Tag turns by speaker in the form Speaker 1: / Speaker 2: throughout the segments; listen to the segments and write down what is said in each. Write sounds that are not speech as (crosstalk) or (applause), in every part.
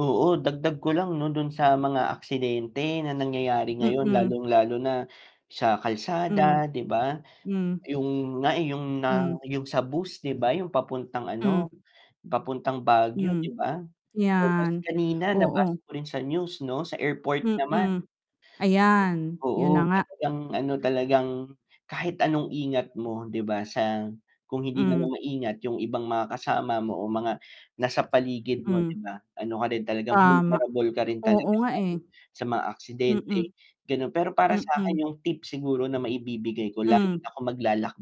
Speaker 1: Oo, dagdag ko lang 'no, do'n sa mga aksidente na nangyayari ngayon
Speaker 2: Mm.
Speaker 1: lalong lalo na sa
Speaker 2: Hmm.
Speaker 1: kalsada 'di ba?
Speaker 2: Hmm.
Speaker 1: Yung nga, eh, yung na
Speaker 2: Hmm.
Speaker 1: yung sa bus 'di ba, yung papuntang
Speaker 2: Hmm.
Speaker 1: ano, papuntang Baguio 'di
Speaker 2: Hmm.
Speaker 1: ba oo ta's
Speaker 2: 'Yan.
Speaker 1: kanina nabasa
Speaker 2: Oo.
Speaker 1: ko rin sa news 'no, sa airport naman.
Speaker 2: Mm. Ayan, 'yun na
Speaker 1: Oo,
Speaker 2: nga.
Speaker 1: talagang ano talagang, kahit anong ingat mo 'di ba, sa kung hindi
Speaker 2: Hmm.
Speaker 1: naman maingat yung ibang mga kasama mo o mga nasa paligid mo
Speaker 2: Hmm.
Speaker 1: 'di ba, ano ka rin talagang
Speaker 2: Tama.
Speaker 1: vulnerable ka rin
Speaker 2: Oo
Speaker 1: talaga sa
Speaker 2: nga,
Speaker 1: ano,
Speaker 2: eh.
Speaker 1: sa mga aksidente
Speaker 2: Mm.
Speaker 1: gano'n. Pero para
Speaker 2: Mm.
Speaker 1: sa'kin yung tip siguro na maibibigay ko lalo
Speaker 2: Hmm.
Speaker 1: na kung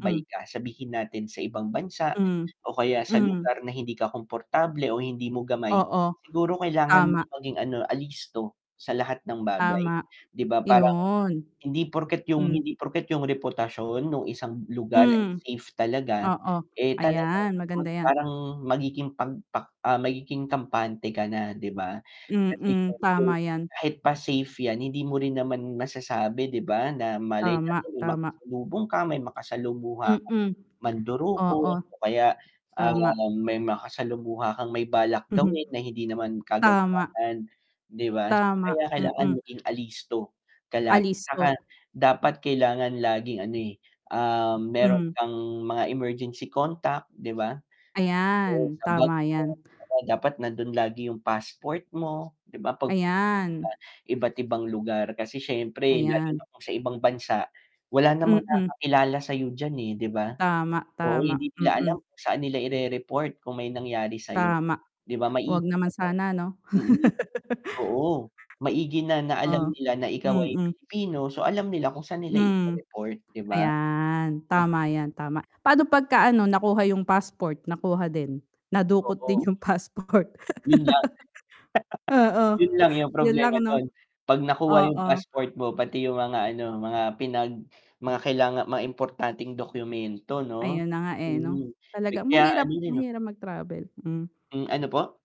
Speaker 2: Hmm.
Speaker 1: ka sabihin natin sa ibang bansa
Speaker 2: Hmm.
Speaker 1: o kaya sa
Speaker 2: Hmm.
Speaker 1: lugar na hindi ka komportable o hindi mo gamay.
Speaker 2: Oo.
Speaker 1: Siguro kailangan mo
Speaker 2: Tama.
Speaker 1: maging ano alisto, sa lahat ng bagay
Speaker 2: Tama.
Speaker 1: 'di ba parang,
Speaker 2: 'Yon.
Speaker 1: hindi porket yung
Speaker 2: Hmm.
Speaker 1: hindi porket yung reputasyon nung isang lugar ay
Speaker 2: Hmm,
Speaker 1: safe talaga,
Speaker 2: Oo.
Speaker 1: eh, talagang
Speaker 2: Ayan, maganda
Speaker 1: (unintelligible)
Speaker 2: yan.
Speaker 1: parang magiging 'pag pak ah, magiging kampante ka na 'di ba? Kasi
Speaker 2: Mm,
Speaker 1: siyempre,
Speaker 2: tama yan.
Speaker 1: kahit pa safe yan hindi mo rin naman masasabi 'di ba na malay
Speaker 2: Tama,
Speaker 1: natin may
Speaker 2: tama.
Speaker 1: makasalubong ka may makasalumuha kang
Speaker 2: Mm. Oo.
Speaker 1: mandurukot o kaya, ah,
Speaker 2: Tama.
Speaker 1: may makasalumuha kang may balak
Speaker 2: Mhm.
Speaker 1: gawin na hindi naman
Speaker 2: Tama.
Speaker 1: kagandahan 'di ba?
Speaker 2: Tama,
Speaker 1: Kaya kailangan
Speaker 2: mm.
Speaker 1: maging alisto, ka lagi 'saka
Speaker 2: Alisto.
Speaker 1: dapat kailangan laging ano, eh, ah, mayro'n
Speaker 2: Hmm.
Speaker 1: kang mga emergency contact 'di ba? Oo,
Speaker 2: Ayan,
Speaker 1: sa bag
Speaker 2: tama
Speaker 1: mo,
Speaker 2: yan.
Speaker 1: oo, dapat nando'n lagi yung passport mo, 'di ba 'pag pupunta
Speaker 2: Ayan.
Speaker 1: ka sa iba't ibang lugar. Kasi siyempre
Speaker 2: Ayan.
Speaker 1: (unintelligible) sa ibang bansa, wala namang
Speaker 2: Mm.
Speaker 1: nakakakilala sa'yo diyan, eh, 'di ba?
Speaker 2: Tama,
Speaker 1: Oo, hindi
Speaker 2: tama,
Speaker 1: nila alam
Speaker 2: mm.
Speaker 1: kung saan nila irereport kung may nangyari sa'yo,
Speaker 2: Tama.
Speaker 1: 'di ba?
Speaker 2: 'Wag
Speaker 1: Maigi
Speaker 2: naman
Speaker 1: namang
Speaker 2: sana 'no?
Speaker 1: mm,
Speaker 2: (laughs)
Speaker 1: oo maigi na na alam
Speaker 2: Oh?
Speaker 1: nila na ikaw ay
Speaker 2: Mm.
Speaker 1: Pilipino, so alam nila kung saan nila
Speaker 2: Hmm.
Speaker 1: i-re-report 'di ba?
Speaker 2: Ayan,
Speaker 1: M
Speaker 2: tama 'yan, tama. Paano 'pagka nakuha yung passport? Nakuha din? Nadukot din
Speaker 1: Oo.
Speaker 2: yung passport.
Speaker 1: 'Yun lang. (laughs)
Speaker 2: (laughs) Oo,
Speaker 1: 'Yun lang yung
Speaker 2: 'yun lang
Speaker 1: problema
Speaker 2: 'no?
Speaker 1: do'n 'pag nakuha yung
Speaker 2: Oo.
Speaker 1: passport mo pati yung mga ano mga pinag mga kailanga mga importanteng dokumento 'no,
Speaker 2: Ayun na nga, eh, 'no?
Speaker 1: mm, pi
Speaker 2: Talaga
Speaker 1: kaya ano
Speaker 2: mahirap,
Speaker 1: din 'no
Speaker 2: mahirap mag travel, hmm.
Speaker 1: Hmm, ano po?